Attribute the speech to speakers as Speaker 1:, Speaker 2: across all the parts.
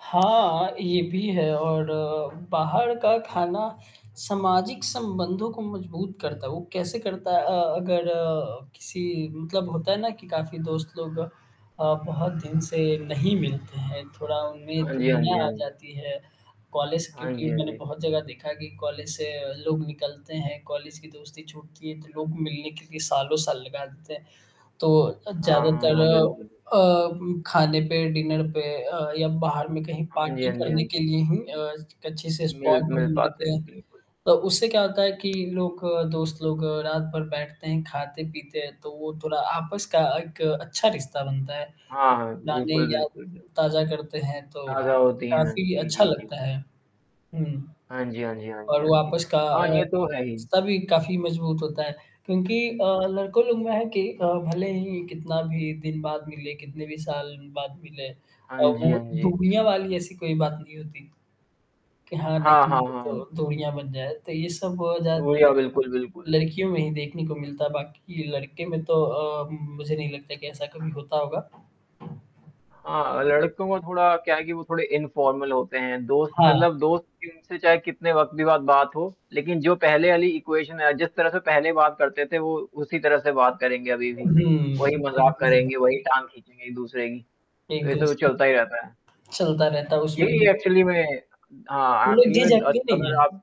Speaker 1: हाँ, ये भी है और बाहर का खाना सामाजिक संबंधों को मजबूत करता है। वो कैसे करता है अ, अगर किसी मतलब होता है ना कि काफ़ी दोस्त लोग अ, बहुत दिन से नहीं मिलते हैं। थोड़ा उनमें
Speaker 2: हाँ जी, हाँ
Speaker 1: दूरियाँ
Speaker 2: जी,
Speaker 1: आ
Speaker 2: हाँ जी।
Speaker 1: जाती है, कॉलेज
Speaker 2: हाँ
Speaker 1: क्योंकि
Speaker 2: जी, हाँ
Speaker 1: मैंने
Speaker 2: जी।
Speaker 1: बहुत जगह देखा कि कॉलेज से अ, लोग निकलते हैं कॉलेज की दोस्ती छूटती है, तो लोग मिलने के लिए सालों-साल लगा देते हैं। तो अ,
Speaker 2: हाँ, हाँ,
Speaker 1: ज़्यादातर
Speaker 2: हाँ।
Speaker 1: अ
Speaker 2: बिल्कुल।
Speaker 1: उम, खाने पे डिनर पे अ, या बाहर में कहीं
Speaker 2: हाँ जी,
Speaker 1: पार्टी
Speaker 2: हाँ जी, हाँ
Speaker 1: करने के
Speaker 2: जी।
Speaker 1: लिए ही अ, स एक अच्छे से
Speaker 2: मिल
Speaker 1: स्पॉट
Speaker 2: मिल
Speaker 1: ढूँढ
Speaker 2: पाते
Speaker 1: लेते
Speaker 2: हैं।
Speaker 1: हैं।
Speaker 2: बिल्कुल।
Speaker 1: तो उससे क्या होता है कि लोग दोस्त लोग रात भर बैठते हैं, खाते-पीते हैं तो वो थोड़ा आपस का एक अच्छा रिश्ता बनता है।
Speaker 2: हाँ, हाँ।
Speaker 1: पुरानी
Speaker 2: बिल्कुल,
Speaker 1: यादें
Speaker 2: बिल्कुल, बि
Speaker 1: ताज़ा करते हैं तो
Speaker 2: आशा होती हैं।
Speaker 1: काफ़ी
Speaker 2: जी,
Speaker 1: अच्छा
Speaker 2: जी, जी।
Speaker 1: लगता है। हुँ,
Speaker 2: हाँ जी, हाँ जी, हाँ जी,
Speaker 1: और
Speaker 2: हाँ
Speaker 1: वो
Speaker 2: जी।
Speaker 1: आपस का अ,
Speaker 2: हाँ, ये तो है ही।
Speaker 1: रिश्ता भी काफ़ी मज़बूत होता है क्योंकि अ, लड़कों लोगों में है कि अ, भले ही कितना भी दिन बाद मिले, कितने भी साल बाद मिले अ,
Speaker 2: हाँ जी, हाँ
Speaker 1: वो
Speaker 2: जी।
Speaker 1: दूरियाँ वाली ऐसी कोई बात नहीं होती कि हाँ,
Speaker 2: हाँ,
Speaker 1: नहीं
Speaker 2: हाँ,
Speaker 1: है
Speaker 2: हाँ, हाँ।
Speaker 1: तो दूरियाँ बन जाए तो ये सब ज़्यादातर
Speaker 2: दुर्यो बिल्कुल, बिल्कुल।
Speaker 1: लड़कियों में ही देखने को मिलता है बाकी लड़के में तो अ, मुझे नहीं लगता कि ऐसा कभी होता होगा।
Speaker 2: हाँ, लड़कों को थोड़ा क्या है कि वो थोड़े इनफॉर्मल होते हैं। दोस्त
Speaker 1: हाँ।
Speaker 2: मतलब दोस्त इन से चाहे कितने वक़्त भी बाद बात हो, लेकिन जो पहले वाली इक्वेशन है जिस तरह से पहले बात करते थे वो उसी तरह से बात करेंगे, अभी
Speaker 1: हुँ।
Speaker 2: भी। वही मज़ाक
Speaker 1: बिल्कुल सही कहा।
Speaker 2: करेंगे, वही टाँग खींचेंगे एक-दूसरे की।
Speaker 1: एक
Speaker 2: तो ऐसे वो
Speaker 1: दूसरे
Speaker 2: चलता ही रहता है।
Speaker 1: चलता रहता है उसमें
Speaker 2: यही
Speaker 1: भी।
Speaker 2: है एक्चुअली में हाँ
Speaker 1: वो लोग
Speaker 2: आखिरी में द
Speaker 1: झिझकते
Speaker 2: अस
Speaker 1: नहीं
Speaker 2: अगर
Speaker 1: हैं।
Speaker 2: आप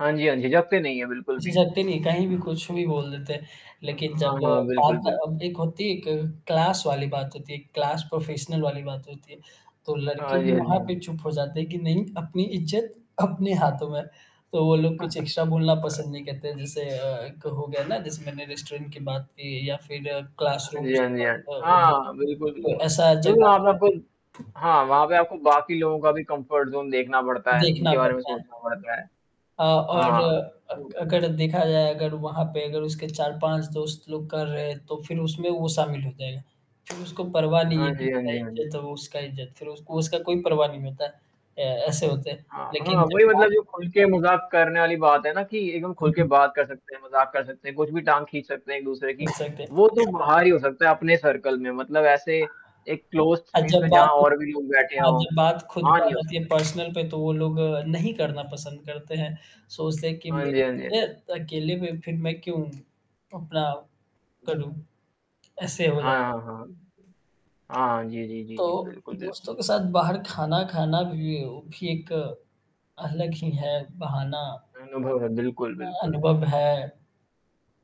Speaker 2: हाँ जी, हाँ जी, झिझकते नहीं हैं, बिल्कुल भी।
Speaker 1: झिझकते नहीं कहीं भी कुछ भी बोल देते हैं।
Speaker 2: अक
Speaker 1: लेकिन
Speaker 2: हाँ,
Speaker 1: जब
Speaker 2: हाँ, हाँ, बिल्कुल,
Speaker 1: बात
Speaker 2: बिल्क
Speaker 1: अब एक होती है एक क्लास वाली बात होती है, एक क्लास प्रोफेशनल वाली बात होती है। तो लड़के
Speaker 2: हाँ
Speaker 1: भी
Speaker 2: जी, हाँ
Speaker 1: वहाँ
Speaker 2: जी, हाँ
Speaker 1: पे
Speaker 2: जी।
Speaker 1: चुप हो जाते हैं कि नहीं अपनी इज़्ज़त अपने हाथों में है। तो वो लोग कुछ एक्स्ट्रा बोलना पसंद नहीं कहते जैसे अ, एक हो गया ना जैसे मैंने रेस्टोरेंट की बात की या फिर
Speaker 2: हाँ जी,
Speaker 1: क्लासरूम्स
Speaker 2: हाँ
Speaker 1: की
Speaker 2: जी,
Speaker 1: बात
Speaker 2: हाँ जी। हाँ, बिल्कुल,
Speaker 1: [unintelligible] तो
Speaker 2: बिल्कुल
Speaker 1: ऐसा
Speaker 2: क्योंकि
Speaker 1: जगह
Speaker 2: वहाँ पे आपन हाँ, वहाँ पे आपको बाकी लोगों का भी कम्फ़र्ट ज़ोन देखना पड़ता है,
Speaker 1: देखना
Speaker 2: उनके बारे में
Speaker 1: पड़ता है।
Speaker 2: सोचना पड़ता है।
Speaker 1: अ, और
Speaker 2: हाँ।
Speaker 1: अ,
Speaker 2: तो
Speaker 1: क अगर देखा जाए अगर वहाँ पे अगर उसके 4-5 दोस्त लोग कर रहे हैं तो फिर उसमें वो शामिल हो जाएगा। फिर उसको परवाह नहीं है
Speaker 2: हाँ
Speaker 1: कि जो
Speaker 2: जी, हाँ
Speaker 1: मेरा
Speaker 2: जी, हाँ जी।
Speaker 1: इज़्ज़त है वो उसका इज़्ज़त। फिर उसको उसका कोई परवाह नहीं होता। अ, ऐसे होते हैं
Speaker 2: हाँ,
Speaker 1: लेकिन
Speaker 2: हाँ,
Speaker 1: जब
Speaker 2: वही
Speaker 1: बा
Speaker 2: मतलब जो खुल के मज़ाक करने वाली बात है ना, कि एकदम
Speaker 1: हुँ,
Speaker 2: खुल के
Speaker 1: हुँ।
Speaker 2: बात कर सकते हैं, मज़ाक कर सकते हैं, कुछ भी टाँग खींच सकते हैं एक-दूसरे की। वो तो
Speaker 1: [unintelligible]
Speaker 2: बाहर ही हो सकता है अपने सर्कल में मतलब ऐसे एक क्लोज़्ड
Speaker 1: अ,
Speaker 2: स्पेस
Speaker 1: जब
Speaker 2: में जहाँ
Speaker 1: बात
Speaker 2: और भी लोग बैठे
Speaker 1: हाँ,
Speaker 2: हों।
Speaker 1: जब बात खुद पे
Speaker 2: वहाँ
Speaker 1: आ
Speaker 2: ही हो
Speaker 1: जाती है
Speaker 2: सकता है।
Speaker 1: पर्सनल पे तो वो लोग नहीं करना पसंद करते हैं। सोचते हैं कि
Speaker 2: हाँ जी, हाँ जी, हाँ
Speaker 1: मेरे [unintelligible] है
Speaker 2: जी।
Speaker 1: अकेले में फिर मैं क्यों? अपना करूँ। ऐसे हो
Speaker 2: हाँ,
Speaker 1: जाता है।
Speaker 2: हाँ, हाँ। हाँ, जी, जी, जी,
Speaker 1: तो
Speaker 2: जी। बिल्कुल, बिल्कुल।
Speaker 1: दोस्तों के साथ बाहर खाना खाना भी, वो भी एक अलग ही है बहाना।
Speaker 2: अनुभव है। बिल्कुल,
Speaker 1: अ,
Speaker 2: बिल्कुल।
Speaker 1: अनुभव है।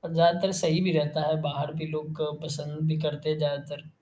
Speaker 1: अ, ज़्यादातर सही भी रहता है, बाहर भी लोग अ, पसंद भी करते हैं ज़्यादातर।